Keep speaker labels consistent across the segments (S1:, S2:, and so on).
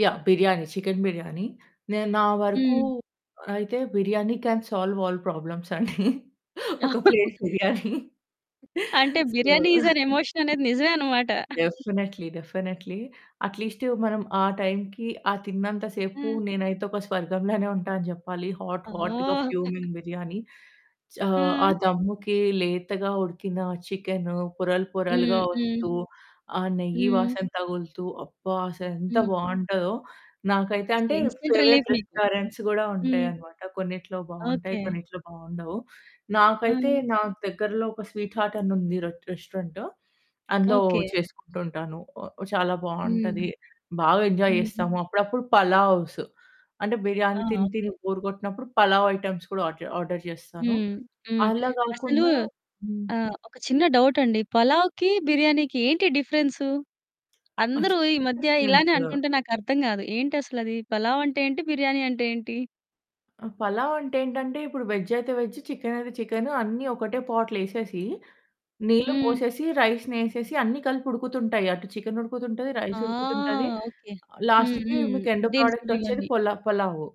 S1: Yeah! Biryani. Chicken biryani. నేను నా వరకు
S2: హ్మ్.
S1: అయితే biryani can solve all problems అండి. ఒక ప్లేట్ బిర్యానీ.
S2: అంటే
S1: so
S2: biryani is an emotion అనేది నిజమే అన్నమాట.
S1: డెఫినైట్లీ, డెఫినైట్లీ అట్లీస్ట్ మనం ఆ టైంకి, ఆ తిన్నంత సేపు
S2: ఆ!
S1: నేనైతే ఒక స్వర్గంలోనే ఉంటా అని చెప్పాలి. హాట్ హాట్‌గా
S2: ఓహ్!
S1: ఫ్యూమింగ్ బిర్యానీ. ఆహ్, ఆ
S2: ఆ!
S1: దమ్ముకి లేతగా ఉడికిన చికెను పొరలు
S2: హ్మ్
S1: పొరలుగా
S2: హ్మ్.
S1: వస్తూ, ఆ నెయ్యి
S2: హ్మ్.
S1: వాసన తగులుతూ అబ్బా! అసలు ఎంత
S2: హ్మ్.
S1: బావుంటదో. నాకైతే
S2: అసల
S1: అంటే
S2: ఇన్స్టాంట్
S1: ఫేవరైట్
S2: రిలీఫ్ మీకు.
S1: రెస్టారెంట్స్ కూడా ఉంటాయి
S2: హ్మ్.
S1: అన్నమాట, కొన్నిట్లో బావుంటాయి
S2: ఓకె.
S1: కొన్నిట్లో బావుండవు. నాకైతే
S2: హ్మ్.
S1: నా దగ్గరలో ఒక స్వీట్ హార్ట్ అని ఉంది రెట్ రెస్టారెంట్ అందులో
S2: ఓకె.
S1: చేసుకుంటూ ఉంటాను. చాలా
S2: హ్మ్.
S1: బావుంటది. బాగా ఎంజాయ్
S2: హ్మ్.
S1: చేస్తాము. అప్పుడప్పుడు పలావ్స్ అంటే
S2: ఆ!
S1: బిర్యానీ తిని తిని
S2: ఓకె.
S1: బోర్ కొట్టినప్పుడు. పలావ్ ఐటెమ్స్ కూడా ఆజ్ ఆర్డర్ చేస్తాను.
S2: హ్మ్, హ్మ్.
S1: అలా
S2: అసలు
S1: కాకుండా హ్మ్.
S2: ఆహ్, ఒక చిన్న డౌట్ అండి. పలావ్‌కి, బిర్యానీకి ఏంటి డిఫరెన్సు? అందరూ ఈ మధ్య ఇలానే
S1: [unintelligible]
S2: అంటుంటే, నాకు అర్థం కాదు ఏంటి అసలది? పలావ్ అంటే ఏంటి బిర్యానీ అంటే ఏంటి?
S1: అ! పలావ్ అంటే ఏంటంటే, ఇప్పుడు వెజ్ అయితే, వెజ్. చికెన్ అయితే చికెన్ అన్నీ ఒకటే పాట్లెసేసి, నీళ్లు
S2: హ్మ్.
S1: పోసేసి, రైస్‌ని ఎసేసి అన్నీ కలిపి ఉడుకుతుంటాయి. అటు చికెన్ ఉడుకుతుంటది,
S2: ఆ!
S1: రైస్ ఉడుకుతుంటది.
S2: ఓకె.
S1: ఆహ్,
S2: హ్మ్,
S1: లాస్ట్‌కి
S2: హ్మ్,
S1: మీకు ఎండ్ ప్రొడక్ట్
S2: దీసులు
S1: వచ్చేది
S2: ఇవన్నీ.
S1: పలా పలావు.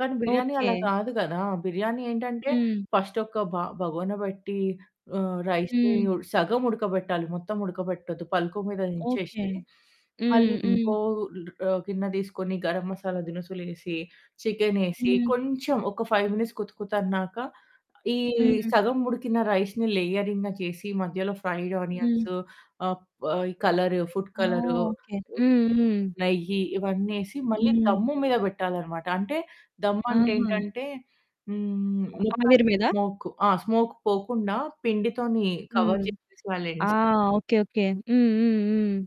S1: కానీ బిర్యానీ అలా
S2: ఓకె.
S1: కాదు కదా, బిర్యానీ ఏంటంటే,
S2: హ్మ్.
S1: ఫస్ట్ ఒక్క బ బగోన బట్టి ఆహ్, రైస్‌ని
S2: హ్మ్.
S1: సగం ఉడకబెట్టాలి. మొత్తం ఉడకబెట్టొద్దు పల్కు మీద
S2: ఓకె.
S1: నించేసి.
S2: హ్మ్
S1: మళ్ళి
S2: హ్మ్.
S1: ఇంకో ఆహ్, గిన్న తీసుకొని, గరం మసాలా దినుసులు ఏసి, చికెను ఏసి
S2: హ్మ్.
S1: కొంచెం ఒక 5 మినిట్స్ కుతకుతన్నాక, ఈ
S2: హ్మ్.
S1: సగం ఉడికిన రైస్‌ని లేయరింగ్‌గ చేసి మధ్యలో ఫ్రైడ్
S2: హ్మ్.
S1: ఆనియన్స్ ఆహ్, ప్ ఆహ్, కలర్ ఫుడ్
S2: ఓహ్!
S1: Colour,
S2: okay. హ్మ్, హ్మ్.
S1: నెయ్యి ఇవన్నీ ఏసి మళ్ళి
S2: హ్మ్.
S1: దమ్ము మీద పెట్టాలి అనమాట. అంటే దమ్ము అంటే
S2: ఆహా!
S1: ఏంటంటే హ్మ్,
S2: అ
S1: మొత్తం
S2: ఆవిరి మీద?
S1: స్మోక్. ఆ! స్మోక్ పోకుండా, పిండి తోని కవర్
S2: హ్మ్.
S1: చేసేసెయాలి
S2: ఆ!
S1: ఎండ్స్.
S2: Okay okay. హ్మ్, హ్మ్, హ్మ్.